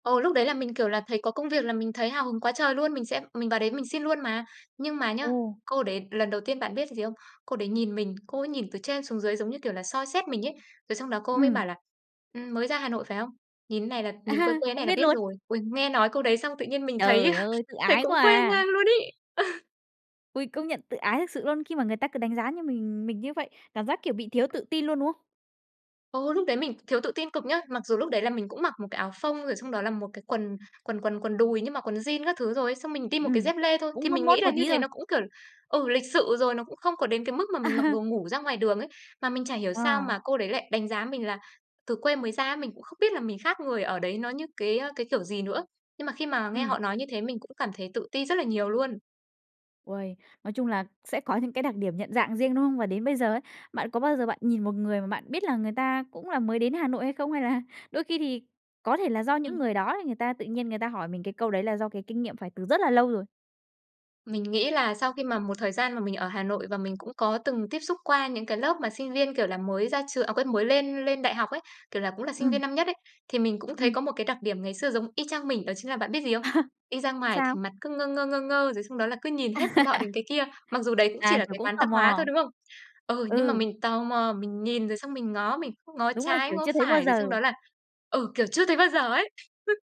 Ồ, lúc đấy là mình, kiểu là, thấy có công việc là mình thấy hào hứng quá trời luôn, mình xem mình vào đấy mình xin luôn mà. Nhưng mà nhá, Ồ. cô đấy lần đầu tiên bạn biết gì không? Cô đấy nhìn mình, cô ấy nhìn từ trên xuống dưới, giống như kiểu là, soi xét mình ấy, rồi xong đó cô ấy mới Ừm. bảo là, ừm, "Mới ra Hà Nội phải không? Nhìn thế này là À nhìn quê ha, quê thế này cũng là biết biết luôn. rồi." Ôi, nghe nói câu đấy xong tự nhiên mình thấy, Trời a, ơi, tự thấy ái quá cũng quê à. ngang luôn ấy. Ôi, công nhận tự ái thực sự luôn khi mà người ta cứ đánh giá như mình mình như vậy. Cảm giác, kiểu, bị thiếu tự tin luôn, đúng không? Ơ, lúc đấy mình thiếu tự tin cực nhá, Mặc dù lúc đấy là mình cũng mặc một cái áo phông, rồi xong đó là một cái quần quần quần quần đùi nhưng mặc quần jean các thứ rồi ấy, xong mình đi một cái Ừm. dép lê thôi, thì Cũng mốt mình mốt nghĩ một là như tí thế thôi. nó cũng, kiểu là, ừ, lịch sự rồi, nó cũng không có đến cái mức mà mình mặc đồ ngủ ra ngoài đường ấy. Mà mình chả hiểu sao Ờ. mà cô đấy lại đánh giá mình là từ quê mới ra á, mình cũng không biết là mình khác người ở đấy nó như cái, ơ, cái kiểu gì nữa, nhưng mà khi mà nghe Ừm. họ nói như thế mình cũng cảm thấy tự ti rất là nhiều luôn. Ôi! Nói chung là sẽ có những cái đặc điểm nhận dạng riêng, đúng không? Và đến bây giờ ấy, bạn có bao giờ bạn nhìn một người mà bạn biết là người ta cũng là mới đến Hà Nội hay không? Hay là đôi khi thì có thể là do những Ừm. người đó thì người ta tự nhiên người ta hỏi mình cái câu đấy là do cái kinh nghiệm phải từ rất là lâu rồi? Mình nghĩ là sau khi mà một thời gian mà mình ở Hà Nội và mình cũng có từng tiếp xúc qua những cái lớp mà sinh viên, kiểu là, mới ra trường à, quên mới lên lên đại học ấy, kiểu là, cũng là sinh viên Ừm. năm nhất ấy, thì mình cũng thấy Ừm. có một cái đặc điểm ngày xưa giống y chang mình đó chính là bạn biết gì không? Đi ra ngoài thì Sao? mặt cứ ngơ ngơ, ngơ ngơ rồi xong đó là cứ nhìn hết cái nọ đến cái kia. Mặc dù đấy cũng chỉ À, là kiểu, cái cũng quán tò tạp hóa thôi, mò. đúng không? Ừ, nhưng mà Ừ. mình tò mò, mình nhìn rồi xong mình ngó, mình cứ ngó Đúng là, trái, kiểu, ngó chưa thấy bao phải, rồi xong đó giờ. là ừ, kiểu chưa thấy bao giờ ấy. [unintelligible]